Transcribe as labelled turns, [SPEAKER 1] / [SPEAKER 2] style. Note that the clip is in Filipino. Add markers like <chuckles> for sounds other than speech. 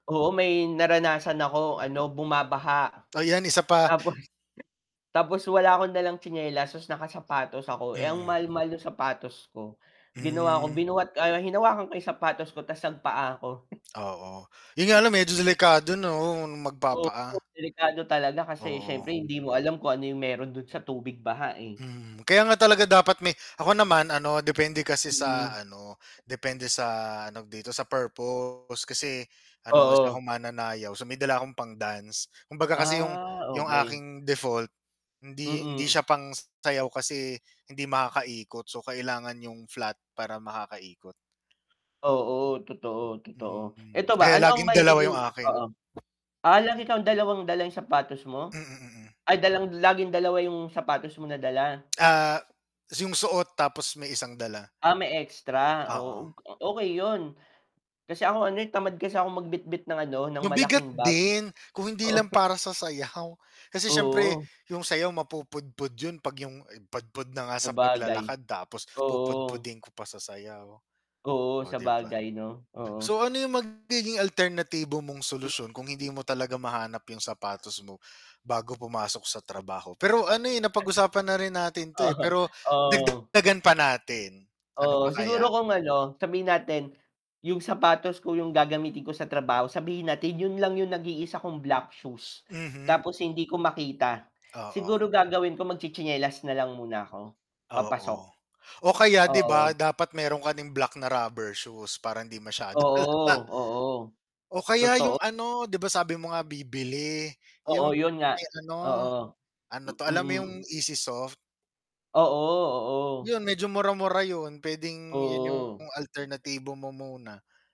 [SPEAKER 1] Oo, may naranasan ako ano bumabaha
[SPEAKER 2] Ay yan isa pa.
[SPEAKER 1] tapos tapos wala ako dalang tsinelas tapos nakasapatos ako eh, ang
[SPEAKER 2] Mm.
[SPEAKER 1] mahal-mahal nung sapatos ko. Ginawa 'ko
[SPEAKER 2] Hmm.
[SPEAKER 1] binuhat ano hinawakan ko yung sapatos ko tas nagpaa 'ko.
[SPEAKER 2] Oo, yun nga lang medyo delikado 'no,
[SPEAKER 1] Oo,
[SPEAKER 2] magpa-paa.
[SPEAKER 1] delikado talaga kasi siyempre
[SPEAKER 2] Oo.
[SPEAKER 1] hindi mo alam kung ano yung meron dun sa tubig baha eh.
[SPEAKER 2] Mhm, kaya nga talaga dapat may ako naman ano depende kasi sa
[SPEAKER 1] Mm.
[SPEAKER 2] ano depende sa ano dito sa purpose kasi ano isa
[SPEAKER 1] Oo.
[SPEAKER 2] akong mananayaw, so may dala akong pang-dance kumbaga kasi 'yong
[SPEAKER 1] Ah,
[SPEAKER 2] 'yong
[SPEAKER 1] okey.
[SPEAKER 2] aking default, hindi hindi
[SPEAKER 1] Mm.
[SPEAKER 2] siya pang sayaw kasi hindi makakaikot, so kailangan 'yong flat para makakaikot.
[SPEAKER 1] Oo, totoo, totoo,
[SPEAKER 2] Mm,
[SPEAKER 1] eto ba,
[SPEAKER 2] kaya
[SPEAKER 1] ano ang
[SPEAKER 2] laging dalawa
[SPEAKER 1] magiging
[SPEAKER 2] yung akin
[SPEAKER 1] oo, ah, lagi kang dalawang dala yung sapatos mo?
[SPEAKER 2] Mm, mm.
[SPEAKER 1] Ay dalang laging dalawa yung sapatos mo na dala?
[SPEAKER 2] Ah, yung suot tapos may isang dala.
[SPEAKER 1] Ah, may extra
[SPEAKER 2] Oo.
[SPEAKER 1] oh, og okey yun, kasi ako ano eh, tamad kasi akong magbitbit ng ano, ng
[SPEAKER 2] Mabigat
[SPEAKER 1] malaking bag.
[SPEAKER 2] din, kung hindi
[SPEAKER 1] Oo.
[SPEAKER 2] lang para sa sayaw kasi syempre
[SPEAKER 1] Oo.
[SPEAKER 2] yung sayaw mapupudpud yun 'pag yung pudpud na nga sa
[SPEAKER 1] Sabagay,
[SPEAKER 2] paglalakad tapos
[SPEAKER 1] oo.
[SPEAKER 2] pupudpudin ko pa sa sayaw,
[SPEAKER 1] Oo,
[SPEAKER 2] o 'di ba?
[SPEAKER 1] sabagay 'no, oo.
[SPEAKER 2] So ano yung magiging alternatibo mong
[SPEAKER 1] Mm.
[SPEAKER 2] solusyon kung hindi mo talaga mahanap yung sapatos mo bago pumasok sa trabaho pero ano eh, napag-usapan na rin natin 'to eh,
[SPEAKER 1] <chuckles>
[SPEAKER 2] pero
[SPEAKER 1] O oo.
[SPEAKER 2] dagdagdagan pa natin, ano
[SPEAKER 1] Oo,
[SPEAKER 2] pa kaya?
[SPEAKER 1] siguro kung ano sabihin natin yung sapatos ko yung gagamitin ko sa trabaho, sabihin natin yun lang yung nag-iisa kong black shoes
[SPEAKER 2] Mhm.
[SPEAKER 1] tapos hindi ko makita,
[SPEAKER 2] Oo.
[SPEAKER 1] siguro gagawin ko magtsi-tsinelas nalang muna ako, papasok.
[SPEAKER 2] Oo, o kaya 'di
[SPEAKER 1] Oo.
[SPEAKER 2] ba dapat meron kaing black na rubber shoes para hindi masyadong halata
[SPEAKER 1] Oo, oo,
[SPEAKER 2] o kaya yung
[SPEAKER 1] totoo.
[SPEAKER 2] ano 'di ba sabi mo nga bibili yung
[SPEAKER 1] Oo, yun nga.
[SPEAKER 2] may ano,
[SPEAKER 1] Oo,
[SPEAKER 2] ano 'to alam mo yung
[SPEAKER 1] mm.
[SPEAKER 2] easy soft?
[SPEAKER 1] Oo, oo.
[SPEAKER 2] Yun medyo mura mura yun, puwedeng yun yung
[SPEAKER 1] Oo.
[SPEAKER 2] alternatibo mo muna.